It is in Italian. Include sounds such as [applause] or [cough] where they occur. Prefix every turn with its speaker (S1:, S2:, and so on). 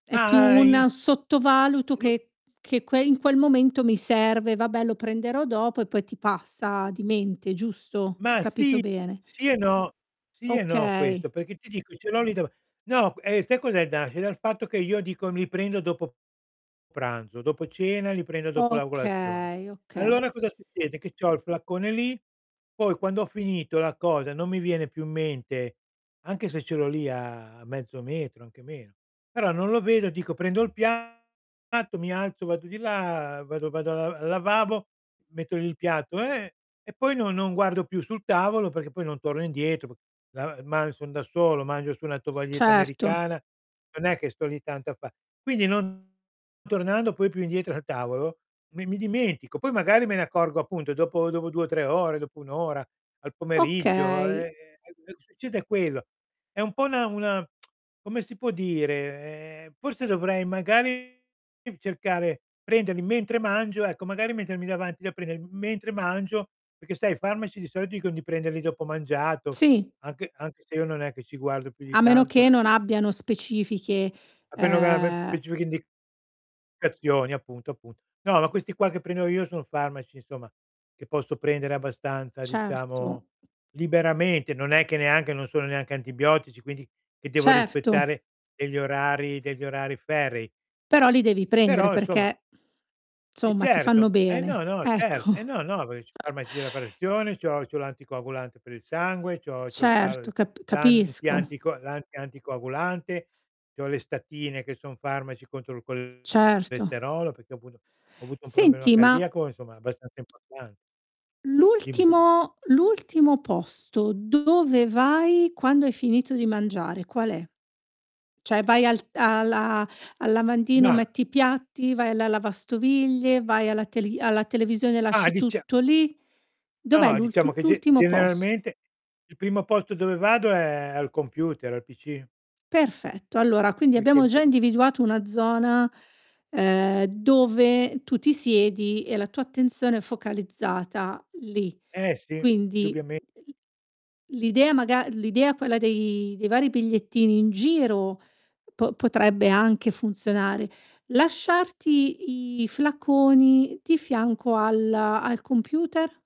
S1: È più
S2: Ma i
S1: un sottovaluto
S2: [unintelligible]
S1: che che in quel momento mi serve: "Vabbè lo prenderò dopo," e poi ti passa di mente, giusto? Ho
S2: Ma
S1: capito
S2: sì,
S1: bene?
S2: sì e no, sì e no
S1: Okay.
S2: questo, perché ti dico ce l'ho lì dav no q sai cos'è da nasce dal fatto, che io dico li prendo dopo pranzo, dopo cena li prendo dopo la colazione.
S1: Okay, okay.
S2: Allora cosa succede? Che c'ho il flacone lì, poi quando ho finito la cosa non mi viene più in mente, anche se ce l'ho lì a mezzo metro, anche meno, però non lo vedo dico: "Prendo il piatto, mi alzo vado di là, vado vado a al lavabo, metto lì il piatto e e poi non non guardo più sul tavolo", perché poi non torno indietro [unintelligible] ma son da solo, mangio su una tovaglietta
S1: Certo.
S2: americana, non è che sto lì tanto a fa quindi non tornando poi più indietro al tavolo mi mi dimentico, poi magari me ne accorgo appunto dopo dopo 2 o 3 ore, dopo 1 ora, al pomeriggio, ehm,
S1: Okay.
S2: succede quello. È un po' una una [tsk] come si può dire? Forse dovrei, magari, cercare prenderli mentre mangio, ecco, magari mettermi davanti da prender mentre mangio, perché sai, i farmaci di solito dicon di prenderli dopo mangiato,
S1: Sì.
S2: anche anche se io non è che ci guardo più di
S1: A meno
S2: tanto.
S1: che, non abbiano specifiche,
S2: [unintelligible]
S1: ehm
S2: Specifica indicazione appunto, appunto. No, ma questi qua che prendo io sono farmaci, insomma, che posso prendere abbastanza, diciamo,
S1: Certo.
S2: liberamente. Non è che neanche non sono neanche antibiotici, quindi che devo
S1: Certo.
S2: rispettare degli orari degli orari ferrei
S1: Però li devi prendere,
S2: però insomma
S1: perché [exhales]
S2: E
S1: insomma ti fanno
S2: certo, e no,
S1: bene.
S2: no cer eh,
S1: Ecco.
S2: no, no, perché c'ho
S1: [chuckles]
S2: farmaci della pressione, c'ho c'ho l'anticoagulante per il sangue, c'ho c'ho
S1: Certo,
S2: far
S1: cap
S2: l'anti
S1: capisco.
S2: anti c l'anti anticoagulante, c'ho le statine che son farmaci contro il
S1: Certo.
S2: colesterolo, perché appunto ho avuto un problema
S1: Senti ma
S2: cardiaco, insomma abbastanza importan Dimmi.
S1: l'ultimo l'ultimo posto dove vai, quando hai finito di mangiare qual è? Cioè vai al t alla al lavandino,
S2: Mah
S1: metti i piatti, vai alla lavastoviglie, vai alla teli alla televisione e
S2: Mah
S1: lasci
S2: dicia
S1: tutto lì. Dov'è
S2: No,
S1: l'ult
S2: diciamo che ge
S1: l'ultimo posto?
S2: generalmente il primo posto dove vado è al computer, al pc
S1: Perfetto, allora quindi
S2: Perché
S1: abbiamo
S2: m
S1: già individuato una zona, ehm, dove tu ti siedi e la tua attenzione è focalizzata lì.
S2: Eh, si,
S1: Quindi
S2: dubiame
S1: l l'idea maga l'idea, quella dei dei vari bigliettini in giro, po potrebbe anche funzionare. Lasciarti i flaconi di fianco al al computer?